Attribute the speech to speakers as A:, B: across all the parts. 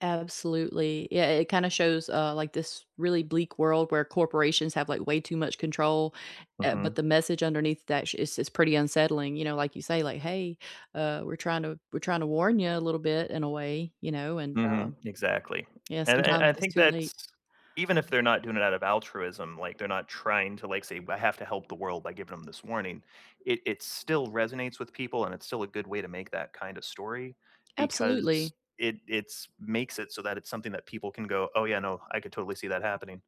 A: Absolutely. Yeah, it kind of shows, uh, like this really bleak world where corporations have like way too much control, uh, but the
B: Mhm.
A: message underneath that is is pretty unsettling, you know, like you say, like, "Hey, uh, we're trying to we're trying to warn you a little bit in a way," you know, and,
B: Mhm,
A: um
B: exactly,
A: Yeah,
B: and and
A: sometimes
B: I
A: it's
B: think
A: too
B: that's
A: late.
B: even if they're not doing it out of altruism, like they're not trying to like say "I have to help the world by giving them this warning," it it still resonates with people and it's still a good way to make that kind of story, because
A: Absolutely.
B: it it's makes it so that it's something that people can go, "Oh yeah, no, I could totally see that happening."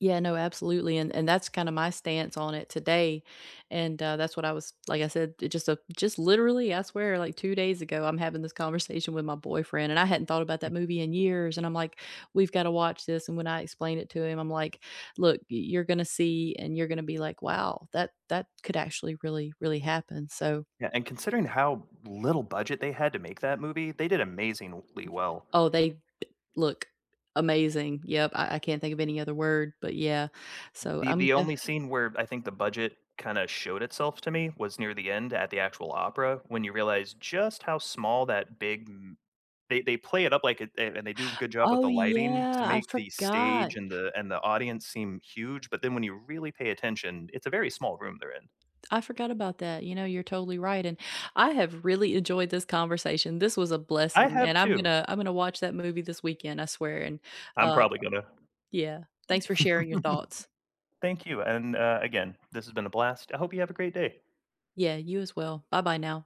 A: Yeah, no, absolutely, and and that's kind of my stance on it today, and, uh, that's what I was like I said, it just just literally, I swear, like 2 days ago, I'm having this conversation with my boyfriend and I hadn't thought about that movie in years and I'm like, "We've got to watch this," and when I explained it to him, I'm like, "Look, y you're gonna see and you're gonna be like, 'Wow, that that could actually really, really happen.'" So
B: Yeah, and considering how little budget they had to make that movie, they did amazingly well.
A: Oh, they look amazing, yep, I I can't think of any other word, but yeah, so
B: The
A: I'm
B: the
A: def
B: only scene where I think the budget kinda showed itself to me, was near the end at the actual opera, when you realize just how small that big m they they play it up like it and they do a good job with
A: Oh
B: the lighting to
A: yeah, I
B: make the stage
A: forgot.
B: and the and the audience seem huge, but then when you really pay attention, it's a very small room they're in.
A: I forgot about that, you know, you're totally right and I have really enjoyed this conversation, this was a
B: I
A: blessing and
B: have
A: I'm
B: too.
A: gonna I'm gonna watch that movie this weekend, I swear and,
B: I'm
A: uh
B: probably gonna.
A: Yeah, thanks for sharing your thoughts.
B: Thank you, and, uh again, this has been a blast. I hope you have a great day.
A: Yeah, you as well. Bye-bye now.